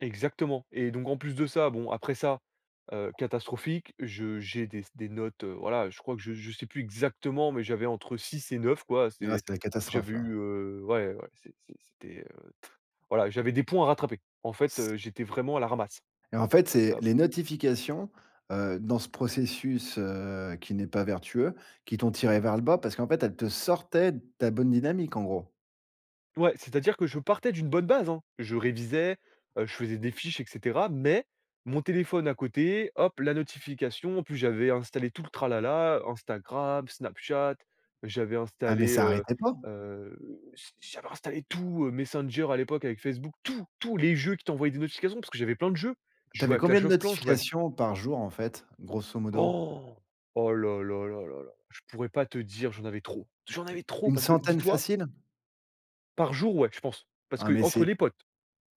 Exactement et donc en plus de ça, bon après ça, heu, catastrophique, je j'ai des des notes, heu, voilà, je crois que je je sais plus exactement, mais j'avais entre 6 et 9 quoi, Il c'est reste la catastrophe j'avais eu, là. heu, ouais ouais, c'est c'est c'était, heu, t voilà, j'avais des points à rattraper. En fait, S heu, j'étais vraiment à la ramasse. Et en fait c'est Heu les P notifications, heu, dans ce processus, heu, qui n'est pas vertueux, qui t'ont tiré vers le bas parce qu'en fait elles te sortaient de ta bonne dynamique en gros? Ouais, c'est-à-dire que je partais d'une bonne base, hein. Je révisais, heu, je faisais des fiches et cetera mais mon téléphone à côté, hop, la notification, en plus j'avais installé tout le tralala, Instagram, Snapchat, j'avais Ah mais installé, ça heu arrêtait pas? heu, j'a j'avais installé tout, heu, Messenger à l'époque avec Facebook, tout, tout, les jeux qui t'envoyaient des notifications, parce que j'avais plein de jeux, je Tu avais jouais à combien Clash de of Clans, je jouais à notifications par jour, en fait, grosso modo? Oh là là là là là là, je pourrais pas te dire j'en avais trop. J'en avais trop Une parce que centaine dis-toi facile? Par jour? Ouais, je pense, parce Ah, mais qu'entre c'est les potes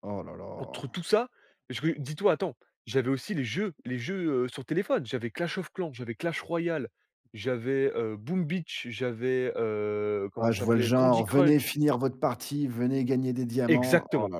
oh là entre là. tout ça, parce que dis-toi, attends, j'avais aussi les jeux les jeux, heu, sur téléphone, j'avais clash of clan, j'avais clash royal, j'avais, heu, boom beach, j'avais, heu, comment Ouais ça je vois le s'appelait? Candy genre: «Venez Crunch. finir votre partie, venez gagner des diamants». Oh Exactement, là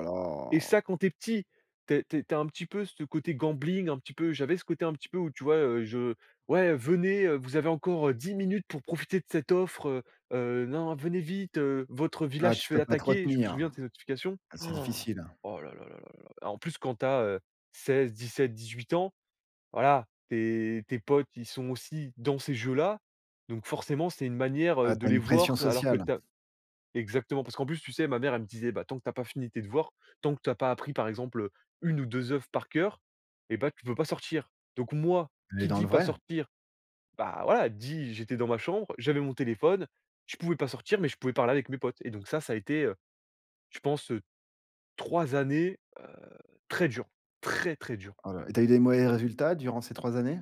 et ça là. quand tu es petit, tu es tu es tu es un petit peu ce côté gambling, un petit peu, j'avais ce côté un petit peu, où, tu vois? Heu, je: «Ouais venez, vous avez encore, heu, 10 minutes pour profiter de cette offre, heu heu, non, venez vite, heu, votre Ah, village se tu fait peux pas te attaquer», je me retenir, souviens de ces notifications. ah, c'est difficile. Oh là là là là, en plus quand tu as, heu, 16-17-18 ans, voilà tes tes potes ils sont aussi dans ces jeux là, donc forcément c'est une manière, heu, Ah, tu de as les une pression voir alors que sociale. tu as exactement, parce qu'en plus, tu sais, ma mère elle me disait: «Bah tant que tu as pas fini tes devoirs, tant que tu as pas appris par exemple, heu, 1 ou 2 œuvres par cœur et ben tu peux pas sortir», donc moi Tu es qui dans dit le pas vrai. sortir, bah, voilà dit j'étais dans ma chambre, j'avais mon téléphone, je pouvais pas sortir mais je pouvais parler avec mes potes, et donc ça, ça a été, heu, je pense, heu, 3 années, heu, très dures, très, très dures. Oh là là et tu as eu des mauvais résultats durant ces 3 années?